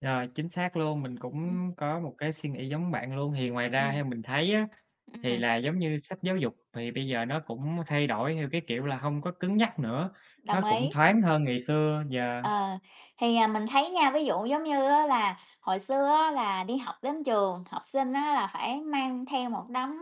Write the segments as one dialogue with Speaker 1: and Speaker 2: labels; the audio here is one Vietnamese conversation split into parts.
Speaker 1: Yeah, chính xác luôn, mình
Speaker 2: Ừm.
Speaker 1: cũng có một cái suy nghĩ giống bạn luôn. Thì ngoài ra
Speaker 2: Ừm.
Speaker 1: theo mình thấy á, thì
Speaker 2: Ừm.
Speaker 1: là giống như sách giáo dục thì bây giờ nó cũng thay đổi theo cái kiểu là hông có cứng nhắc nữa, nó
Speaker 2: Đồng
Speaker 1: cũng
Speaker 2: ý.
Speaker 1: thoáng hơn ngày xưa, yeah.
Speaker 2: Ờ, thì, à, mình thấy nha, ví dụ giống như á là hồi xưa á là đi học đến trường, học sinh á là phải mang theo một đống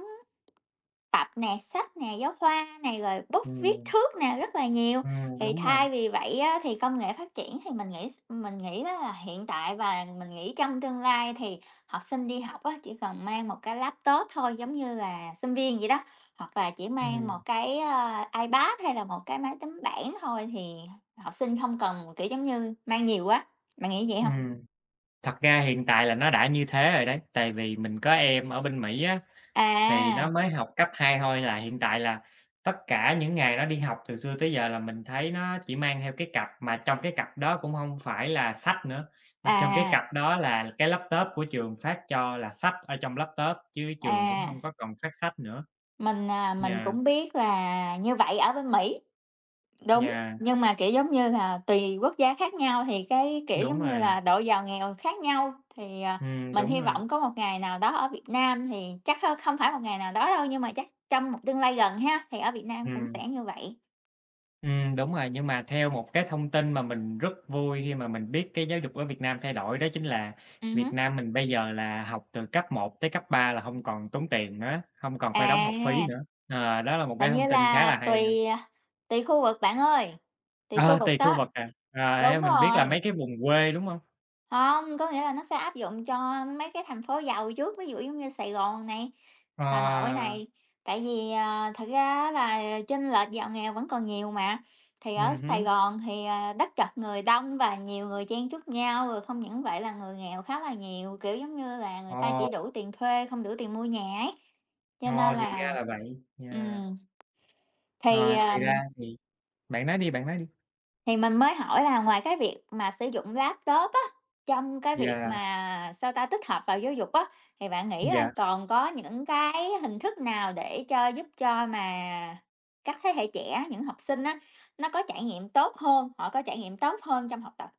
Speaker 2: tập nè, sách nè, giáo khoa nè, rồi bút viết
Speaker 1: Ừm.
Speaker 2: thước nè, rất là nhiều.
Speaker 1: Ừm,
Speaker 2: Thì
Speaker 1: đúng rồi.
Speaker 2: thay vì vậy á thì công nghệ phát triển thì mình nghĩ mình nghĩ đó là hiện tại và mình nghĩ trong tương lai thì học sinh đi học á chỉ cần mang 1 cái laptop thôi giống như là sinh viên, vậy đó, hoặc là chỉ mang 1
Speaker 1: Ừm.
Speaker 2: cái, à, iPad hay là 1 cái máy tính bảng thôi, thì học sinh không cần, kiểu, giống như mang nhiều á, bạn nghĩ như vậy hông?
Speaker 1: Ừm. Thật ra hiện tại là nó đã như thế rồi đấy, tại vì mình có em ở bên Mỹ á, thì nó
Speaker 2: À.
Speaker 1: mới học cấp 2 thôi, là hiện tại là tất cả những ngày nó đi học từ xưa tới giờ là mình thấy nó chỉ mang theo cái cặp, mà trong cái cặp đó cũng hông phải là sách nữa, mà trong cái
Speaker 2: À.
Speaker 1: cặp đó là cái laptop của trường phát cho, là sách ở trong laptop chứ trường cũng hông
Speaker 2: À.
Speaker 1: có còn phát sách nữa.
Speaker 2: Mình, à, mình
Speaker 1: Yeah
Speaker 2: cũng biết là như vậy ở bên Mỹ, đúng,
Speaker 1: Yeah.
Speaker 2: nhưng mà, kiểu, giống như là, tùy quốc gia khác nhau thì cái, kiểu,
Speaker 1: Đúng
Speaker 2: giống như
Speaker 1: rồi.
Speaker 2: là, độ giàu nghèo khác nhau, thì, à,
Speaker 1: Ừm,
Speaker 2: mình
Speaker 1: đúng
Speaker 2: hy
Speaker 1: rồi.
Speaker 2: vọng có một ngày nào đó ở Việt Nam thì chắc kh không phải một ngày nào đó đâu, nhưng mà chắc trong một tương lai gần ha, thì ở Việt Nam cũng
Speaker 1: Ừm.
Speaker 2: sẽ như vậy.
Speaker 1: Ừm, đúng rồi, nhưng mà theo một cái thông tin mà mình rất vui khi mà mình biết cái giáo dục ở Việt Nam thay đổi đó chính là
Speaker 2: Ừm
Speaker 1: Việt
Speaker 2: hứm.
Speaker 1: Nam mình bây giờ là học từ cấp 1 tới cấp 3 là hông còn tốn tiền nữa, hông còn phải đóng học phí
Speaker 2: À.
Speaker 1: nữa. Ờ, đó là một cái
Speaker 2: Hình như
Speaker 1: thông tin khá
Speaker 2: là
Speaker 1: là hay ha.
Speaker 2: tùy, à, tùy khu vực bạn ơi, tùy khu
Speaker 1: Ờ,
Speaker 2: vực
Speaker 1: tùy khu
Speaker 2: đó.
Speaker 1: vực à, ờ, theo
Speaker 2: Đúng
Speaker 1: mình biết là mấy
Speaker 2: rồi.
Speaker 1: cái vùng quê, đúng hông?
Speaker 2: Hông, có nghĩa là nó sẽ áp dụng cho mấy cái thành phố giàu trước, ví dụ giống như Sài Gòn này, Hà Nội
Speaker 1: Ờ.
Speaker 2: này. Tại vì, à, thực ra á là chênh lệch giàu nghèo vẫn còn nhiều mà, thì ở
Speaker 1: Ừm
Speaker 2: Sài
Speaker 1: hứm.
Speaker 2: Gòn thì, ờ, đất chật người đông và nhiều người chen chúc nhau, rồi không những vậy là người nghèo khá là nhiều, kiểu, giống như là, người ta chỉ
Speaker 1: Ồ.
Speaker 2: đủ tiền thuê, không đủ tiền mua nhà ấy, cho
Speaker 1: Ồ,
Speaker 2: nên
Speaker 1: thì ra
Speaker 2: là,
Speaker 1: là vậy, yeah.
Speaker 2: ừm. Thì,
Speaker 1: Ờ, thì ra
Speaker 2: ờm
Speaker 1: thì bạn nói đi, bạn nói đi.
Speaker 2: Thì mình mới hỏi là ngoài cái việc mà sử dụng laptop á, trong cái việc
Speaker 1: Yeah.
Speaker 2: mà sao ta, tích hợp vào giáo dục á, thì bạn nghĩ coi
Speaker 1: Yeah.
Speaker 2: còn có những cái hình thức nào để cho giúp cho mà các thế hệ trẻ, những học sinh á nó có trải nghiệm tốt hơn, họ có trải nghiệm tốt hơn trong học tập?